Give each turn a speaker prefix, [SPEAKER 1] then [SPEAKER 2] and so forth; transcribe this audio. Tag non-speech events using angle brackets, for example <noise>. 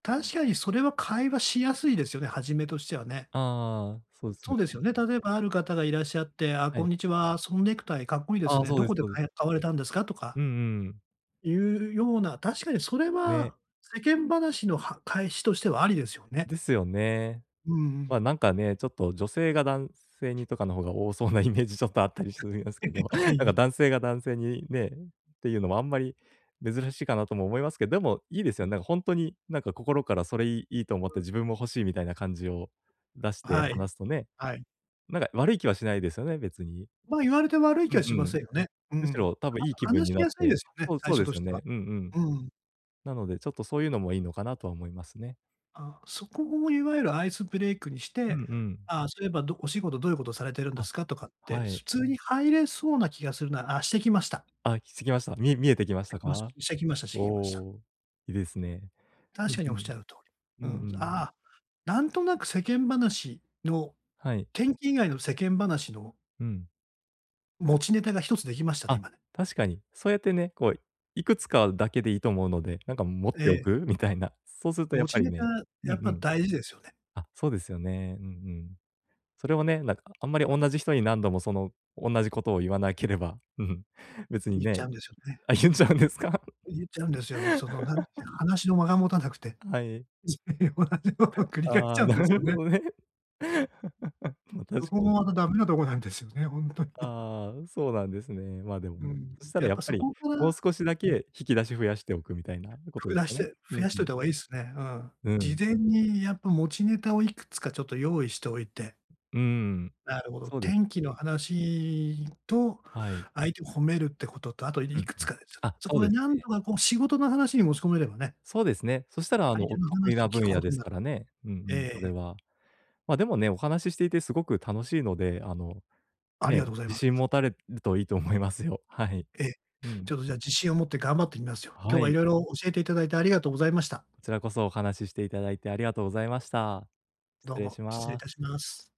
[SPEAKER 1] 確かにそれは会話しやすいですよね、はじめとしてはね。
[SPEAKER 2] ああ、そうです
[SPEAKER 1] そ
[SPEAKER 2] よ
[SPEAKER 1] うです
[SPEAKER 2] ね。
[SPEAKER 1] よね。例えばある方がいらっしゃって、あ、
[SPEAKER 2] は
[SPEAKER 1] こん
[SPEAKER 2] い。
[SPEAKER 1] にちは、そのネクタイ、かっこいいです
[SPEAKER 2] ああ、
[SPEAKER 1] ね。
[SPEAKER 2] そ
[SPEAKER 1] ど
[SPEAKER 2] うで
[SPEAKER 1] こ
[SPEAKER 2] す
[SPEAKER 1] で
[SPEAKER 2] そうです。
[SPEAKER 1] かい買われたんですかとか
[SPEAKER 2] うんうんうん。
[SPEAKER 1] いうような、確かにそれ
[SPEAKER 2] ね。
[SPEAKER 1] は、世間話のは返しとしてはありですよね。
[SPEAKER 2] ですよね。
[SPEAKER 1] うんう
[SPEAKER 2] まあ、
[SPEAKER 1] ん。
[SPEAKER 2] なんかね、ちょっと女性が男性にとかの方が多そうなイメージちょっとあったりし
[SPEAKER 1] <chuckles>
[SPEAKER 2] ますけど、
[SPEAKER 1] は
[SPEAKER 2] なんか
[SPEAKER 1] い。
[SPEAKER 2] 男性が男性にね、ていうのもあんまり珍しいかなとも思いますけど、でもいいですよね。なんか本当になんか心からそれいいいいと思っ
[SPEAKER 1] う
[SPEAKER 2] て
[SPEAKER 1] ん。
[SPEAKER 2] 自分も欲しいみたいな感じを出して
[SPEAKER 1] はい、
[SPEAKER 2] 話すとね。
[SPEAKER 1] はい。
[SPEAKER 2] なんか悪い気はしないですよね、別に。
[SPEAKER 1] ま、言われて悪い
[SPEAKER 2] う
[SPEAKER 1] 気は
[SPEAKER 2] ん
[SPEAKER 1] しま
[SPEAKER 2] うん。
[SPEAKER 1] せんよね。う
[SPEAKER 2] むし
[SPEAKER 1] ん。
[SPEAKER 2] ろ、多分
[SPEAKER 1] あ
[SPEAKER 2] いい
[SPEAKER 1] と
[SPEAKER 2] 気分
[SPEAKER 1] 話
[SPEAKER 2] に
[SPEAKER 1] し
[SPEAKER 2] なっ
[SPEAKER 1] やすいで
[SPEAKER 2] て
[SPEAKER 1] すよね、
[SPEAKER 2] そう、
[SPEAKER 1] 最
[SPEAKER 2] そう
[SPEAKER 1] 初
[SPEAKER 2] で
[SPEAKER 1] と
[SPEAKER 2] す
[SPEAKER 1] し
[SPEAKER 2] よ
[SPEAKER 1] ては。
[SPEAKER 2] ね、うんうん。
[SPEAKER 1] うん。
[SPEAKER 2] なので、ちょっとそういうのもいいのかなとは思いますね。
[SPEAKER 1] あ、そこをいわゆるアイスブレイクにし
[SPEAKER 2] う
[SPEAKER 1] て、
[SPEAKER 2] んうん。
[SPEAKER 1] あ、そういえばどお仕事どういうことされてるんで
[SPEAKER 2] あ、
[SPEAKER 1] すかとかって、
[SPEAKER 2] は
[SPEAKER 1] 普
[SPEAKER 2] い。
[SPEAKER 1] 通に入れそうな気がするな。あ、してきました。
[SPEAKER 2] あ、してきました。み見えてきま
[SPEAKER 1] し
[SPEAKER 2] し
[SPEAKER 1] て
[SPEAKER 2] た
[SPEAKER 1] きまし
[SPEAKER 2] か？
[SPEAKER 1] してきましたして
[SPEAKER 2] お
[SPEAKER 1] きました。
[SPEAKER 2] お、いいですね。う
[SPEAKER 1] 確
[SPEAKER 2] ん
[SPEAKER 1] かに
[SPEAKER 2] う
[SPEAKER 1] おっし
[SPEAKER 2] ん。
[SPEAKER 1] ゃる通
[SPEAKER 2] うん
[SPEAKER 1] り。うん。
[SPEAKER 2] うん。
[SPEAKER 1] ああ、なんとなく世間話の
[SPEAKER 2] はい。
[SPEAKER 1] 天気以外の世間話の
[SPEAKER 2] うん。
[SPEAKER 1] 持ちネタが一つできましたね、
[SPEAKER 2] あ、
[SPEAKER 1] 今ね。
[SPEAKER 2] 確かに。そうやってね、こう、いくつかだけでいいと思うので、なんか持って
[SPEAKER 1] え
[SPEAKER 2] お
[SPEAKER 1] え。
[SPEAKER 2] くみたいな。そうするとやっ
[SPEAKER 1] 持
[SPEAKER 2] ぱ
[SPEAKER 1] ち
[SPEAKER 2] り
[SPEAKER 1] ネタ、
[SPEAKER 2] ね、うん
[SPEAKER 1] や
[SPEAKER 2] う
[SPEAKER 1] っぱ
[SPEAKER 2] ん。
[SPEAKER 1] 大事ですよね。
[SPEAKER 2] あ、そうですよね。うんうん。それをね、なんかあんまりおんなじ人に何度もそのおんなじことを言わなければ、うん、別に
[SPEAKER 1] 言っち
[SPEAKER 2] ね。
[SPEAKER 1] ゃうんですよね。
[SPEAKER 2] あ、言うんちゃうんですか？
[SPEAKER 1] 言っちゃうんですよ。そのなんか、
[SPEAKER 2] <laughs>
[SPEAKER 1] 話の間が持たなくて。
[SPEAKER 2] はい。
[SPEAKER 1] つい同じものを
[SPEAKER 2] <chuckles>
[SPEAKER 1] 繰り返し
[SPEAKER 2] あ
[SPEAKER 1] ちゃ
[SPEAKER 2] あ、
[SPEAKER 1] うんで
[SPEAKER 2] な
[SPEAKER 1] すよ
[SPEAKER 2] る
[SPEAKER 1] ね。
[SPEAKER 2] ほどね。<laughs> まあ、
[SPEAKER 1] そ
[SPEAKER 2] 確
[SPEAKER 1] こ
[SPEAKER 2] か
[SPEAKER 1] も
[SPEAKER 2] に。
[SPEAKER 1] またダメなとこなんですよね、本当に。
[SPEAKER 2] ああ、そうなんですね。まあ、でも
[SPEAKER 1] う
[SPEAKER 2] ね。
[SPEAKER 1] ん、
[SPEAKER 2] そした
[SPEAKER 1] や
[SPEAKER 2] ら
[SPEAKER 1] っ
[SPEAKER 2] や
[SPEAKER 1] ぱ
[SPEAKER 2] っぱ
[SPEAKER 1] そ
[SPEAKER 2] り、
[SPEAKER 1] こから
[SPEAKER 2] も
[SPEAKER 1] う、
[SPEAKER 2] う少しだ
[SPEAKER 1] うん。
[SPEAKER 2] け引き出し増やしておくみたいなこ
[SPEAKER 1] ふ
[SPEAKER 2] と
[SPEAKER 1] く
[SPEAKER 2] です
[SPEAKER 1] だし
[SPEAKER 2] よね。
[SPEAKER 1] て
[SPEAKER 2] う
[SPEAKER 1] 増
[SPEAKER 2] ん
[SPEAKER 1] やし
[SPEAKER 2] う
[SPEAKER 1] ておい
[SPEAKER 2] ん。
[SPEAKER 1] た方がいいですね。うん。
[SPEAKER 2] う
[SPEAKER 1] 事
[SPEAKER 2] ん。
[SPEAKER 1] 前にやっぱ持ちネタをいくつかちょっと用意しておいて。
[SPEAKER 2] うんうん。
[SPEAKER 1] なるほど。
[SPEAKER 2] そうです。
[SPEAKER 1] 天気の話と
[SPEAKER 2] はい。
[SPEAKER 1] 相手を褒めるってことと、あと
[SPEAKER 2] うん
[SPEAKER 1] いく
[SPEAKER 2] う
[SPEAKER 1] つ
[SPEAKER 2] ん。
[SPEAKER 1] かですよね。
[SPEAKER 2] あ、
[SPEAKER 1] そ
[SPEAKER 2] そ
[SPEAKER 1] こ
[SPEAKER 2] う
[SPEAKER 1] で
[SPEAKER 2] です
[SPEAKER 1] 何
[SPEAKER 2] ね。
[SPEAKER 1] とかこう仕事の話に持ち込めればね。
[SPEAKER 2] そうですね。そしたらあ
[SPEAKER 1] 相
[SPEAKER 2] の
[SPEAKER 1] 手
[SPEAKER 2] お
[SPEAKER 1] の
[SPEAKER 2] 得意
[SPEAKER 1] 話
[SPEAKER 2] な
[SPEAKER 1] を聞く
[SPEAKER 2] 分
[SPEAKER 1] こ
[SPEAKER 2] 野
[SPEAKER 1] と
[SPEAKER 2] で
[SPEAKER 1] に
[SPEAKER 2] す
[SPEAKER 1] な
[SPEAKER 2] か
[SPEAKER 1] る。
[SPEAKER 2] らね。うんう
[SPEAKER 1] え
[SPEAKER 2] ん、それ
[SPEAKER 1] え。
[SPEAKER 2] は。まあ、でもね、お話ししていてすごく楽しいので、あの、
[SPEAKER 1] ありが
[SPEAKER 2] ね、
[SPEAKER 1] とうござい
[SPEAKER 2] 自
[SPEAKER 1] ま
[SPEAKER 2] 信
[SPEAKER 1] す。
[SPEAKER 2] 持たれるといいと思いますよ。はい。
[SPEAKER 1] え、
[SPEAKER 2] うん。
[SPEAKER 1] ちょっとじゃ自信を持って頑張ってみますよ。今
[SPEAKER 2] は
[SPEAKER 1] 日は
[SPEAKER 2] い。
[SPEAKER 1] 色々教えていただいてありがとうござい
[SPEAKER 2] あ、
[SPEAKER 1] ま
[SPEAKER 2] こ
[SPEAKER 1] した。
[SPEAKER 2] ちらこそお話ししていただいてありがとうございました。失
[SPEAKER 1] どう
[SPEAKER 2] 礼
[SPEAKER 1] も
[SPEAKER 2] し
[SPEAKER 1] 失礼い
[SPEAKER 2] ま
[SPEAKER 1] た
[SPEAKER 2] す。
[SPEAKER 1] します。